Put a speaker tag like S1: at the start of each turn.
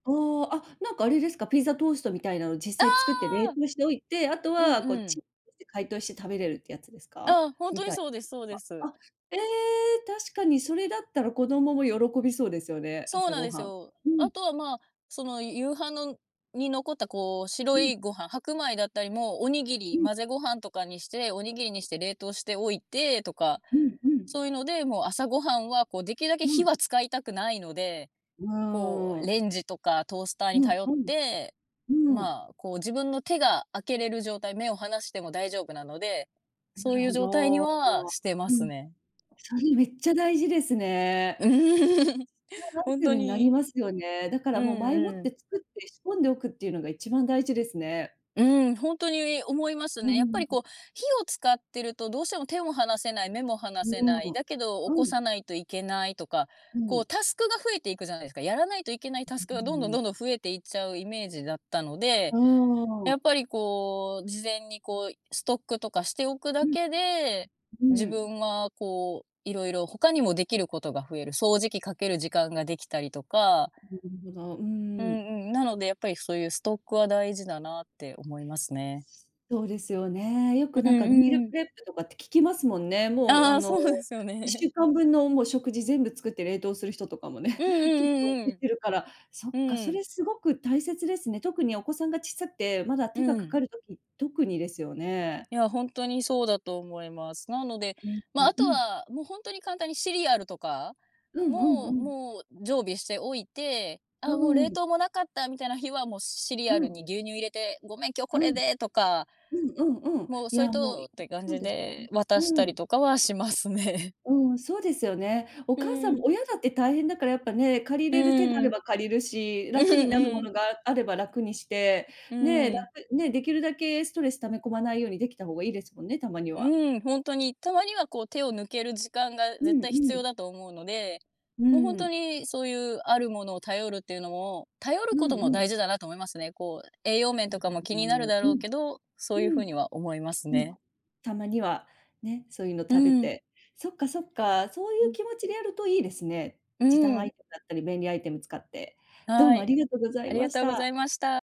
S1: おお、あ、なんかあれですか、ピザトーストみたいなの
S2: あ
S1: 実際作って冷
S2: あ。
S1: 凍しておいて、あと
S2: うん
S1: はこう、
S2: う
S1: チ
S2: ん。
S1: ン [unintelligible] 解凍して食べれるってやつですか？
S2: ああ、ほんと
S1: み
S2: に
S1: たい
S2: そうですそうで
S1: な。
S2: す。
S1: あ、ええ、確かにそれだったら、子供も喜びそうですよね。
S2: そう
S1: 朝
S2: なん
S1: ご
S2: です
S1: はん。
S2: よ。
S1: う
S2: あ
S1: ん。
S2: とはまあ、その、夕飯のに残ったこう、
S1: う
S2: 白
S1: ん。
S2: いご飯白米だったりも、おにぎ
S1: う
S2: り、
S1: ん。
S2: 混ぜご飯とかにして、おにぎりにして、冷凍しておいてとか、
S1: うん、うん。
S2: そういうので、もう朝ごはんはこう、出来るだけ
S1: う
S2: 火
S1: ん。
S2: は使いたくないので、
S1: う
S2: こ
S1: ー
S2: う、
S1: ん。
S2: レンジとか、トースターに
S1: うん、
S2: 頼っ
S1: うん。
S2: て、
S1: うーん。
S2: まあ、こう自分の手が開けれる状態、目を離しても大丈夫なので、
S1: な
S2: そう
S1: る
S2: いう
S1: ほ
S2: 状態に
S1: ど。
S2: はしてま
S1: う
S2: す
S1: ん。
S2: ね。
S1: それめっちゃ大事ですね
S2: うん。
S1: え。やだん
S2: ほん
S1: ていう
S2: と
S1: 風になり
S2: に
S1: ますよね。だか
S2: う
S1: ら、もう前もっ
S2: ん、うん。
S1: て作って、仕込んでおくっていうのが一番大事ですね。
S2: うん、ほんとに思います
S1: うーん、う
S2: ね。やっぱりこう、
S1: ん。
S2: 火を使ってると、どうしても手も離せない、目も離
S1: う
S2: せな
S1: ー
S2: い、
S1: ん。
S2: だけど起
S1: う
S2: こさ
S1: ん。
S2: ないといけないとか、
S1: う
S2: こ
S1: ん。
S2: うタスクが増えていくじゃないすか。やらないといけない
S1: う
S2: タス
S1: う
S2: クが、どん
S1: う
S2: どんど
S1: ん。
S2: んどん増えていっちゃうイメージだったので、
S1: うー
S2: やっ
S1: ん。
S2: ぱりこう、事前にこう、ストックとかしておく
S1: う
S2: だ
S1: ん。
S2: けで、
S1: う
S2: 自
S1: ん。
S2: 分はこう、色々他にも出来る事が増える。掃除機かける時間ができたりとか
S1: うんほど、う
S2: う
S1: ん。
S2: んうん、なので、やっぱり、そういうストックは大事だなって思いますね。
S1: そうですよね。よ
S2: う
S1: く、
S2: う
S1: なんかミール
S2: ん、うー
S1: プ
S2: ん。
S1: レップとかって聞きますもんね。もう、
S2: あ
S1: あ
S2: あ、
S1: の、
S2: そうですよ
S1: いっし
S2: ね。
S1: ゅうかん分の、もう食事全部作って冷凍する人とかも
S2: う
S1: ね、
S2: ん
S1: 結構出
S2: うん
S1: てるから、そっ
S2: うんう
S1: か、
S2: ん。
S1: そ
S2: うん。
S1: れ凄く大切ですね。特にお子さんが小さて、まだ手が
S2: う
S1: 掛
S2: ん。
S1: かる時、特にですよね。
S2: いや、ほんとにそうだと思います。なので、
S1: うん、
S2: まあ、
S1: う
S2: あ
S1: う
S2: と
S1: ん。
S2: はもう、ほんとに簡単にシリアルとか、
S1: うんうん
S2: も
S1: う
S2: う
S1: ん。
S2: もう常備しておいて、あ
S1: う
S2: あ、もう
S1: ー
S2: 冷
S1: ん。
S2: 凍もなかったみたいな日は、もうシリ
S1: う
S2: アル
S1: ん。
S2: に牛乳入れて、ごめん、今日
S1: う
S2: これ
S1: ん。
S2: でとか
S1: うんうんうん。
S2: もう、
S1: い
S2: そい
S1: や、もう、
S2: とっ
S1: いうん、
S2: て感
S1: そう
S2: じ
S1: ですね。
S2: で、渡し
S1: う
S2: たり
S1: ん。
S2: とかはしますね。
S1: うーん、そうですよね。お
S2: う
S1: 母さん
S2: ーん。
S1: も親だって大変だから、やっぱね、借り
S2: う
S1: れる手があ
S2: ー
S1: れ
S2: ん。
S1: ば借りるし、
S2: うふ、
S1: 楽になるも
S2: うん。
S1: のがあれば楽にして、
S2: う
S1: ね、だ
S2: ーん。
S1: ふね、出来るだけストレス溜め込まないように出来た方が良いですもんね、たまに
S2: う
S1: は。
S2: ーん、ほんとに、たまにはこう、手を抜ける時間が
S1: う
S2: 絶
S1: ん
S2: 対必
S1: う
S2: 要
S1: ん。
S2: だと思うので、
S1: うー
S2: もうほんと
S1: ん。
S2: に、そういうあるものを頼るっていうのも、頼る
S1: う
S2: こ
S1: ん
S2: とも
S1: う
S2: 大
S1: ん。
S2: 事だなと思いますね。こう、栄養面
S1: な
S2: と
S1: る
S2: かも気にな
S1: ほ
S2: る
S1: ど。
S2: だろ
S1: う
S2: う
S1: ん。
S2: けど、そ
S1: う
S2: ういう風
S1: ん。
S2: には思います
S1: う
S2: ね。
S1: ん。たまには、ね、そういうの
S2: うー
S1: 食べ
S2: ん。
S1: て。そっかそっか、そう
S2: う
S1: 言う
S2: ん。
S1: 気持ちでやると良いですね。
S2: うー
S1: 時短ア
S2: ん。
S1: イテムだったり、便利アイテム使って。どう
S2: は
S1: もあ
S2: い。
S1: りがとうござ
S2: あ
S1: い
S2: りが
S1: まし
S2: とうござ
S1: た。
S2: いました。